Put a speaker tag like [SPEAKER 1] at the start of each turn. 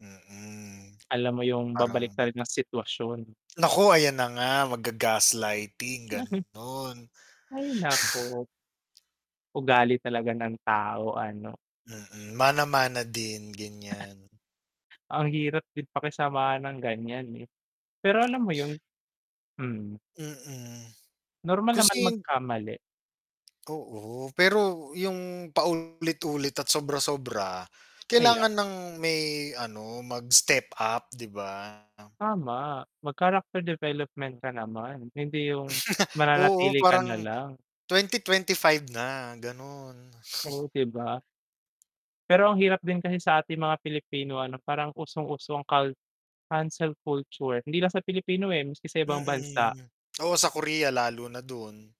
[SPEAKER 1] Mm,
[SPEAKER 2] Alam mo yung
[SPEAKER 1] parang
[SPEAKER 2] babaliktarin rin ang sitwasyon.
[SPEAKER 1] Naku, ayan na nga magga-gaslighting, gano'n.
[SPEAKER 2] Ay naku. Ugali talaga ng tao ano.
[SPEAKER 1] Mm, mana-mana din, ganyan.
[SPEAKER 2] Ang hirap din pakisamahan ng ganyan eh, pero alam mo yun, mm.
[SPEAKER 1] Mm,
[SPEAKER 2] Normal
[SPEAKER 1] kasi
[SPEAKER 2] naman
[SPEAKER 1] hind
[SPEAKER 2] magkamali.
[SPEAKER 1] Oo, pero yung paulit-ulit at sobra-sobra,
[SPEAKER 2] Kaya
[SPEAKER 1] kailangan ng may ano mag-step up, di ba?
[SPEAKER 2] Tama, mag-character development ka naman, hindi yung
[SPEAKER 1] Oo,
[SPEAKER 2] mananatili ka
[SPEAKER 1] parang
[SPEAKER 2] nalang.
[SPEAKER 1] 2025 na, gano'n.
[SPEAKER 2] Oh, di ba. pero ang hirap din kasi sa ating mga Pilipino ano, parang usong uso cul cancel culture, hindi lang sa Pilipino eh, maski sa ibang bansa.
[SPEAKER 1] Mm, oo sa Korea, lalo na dun.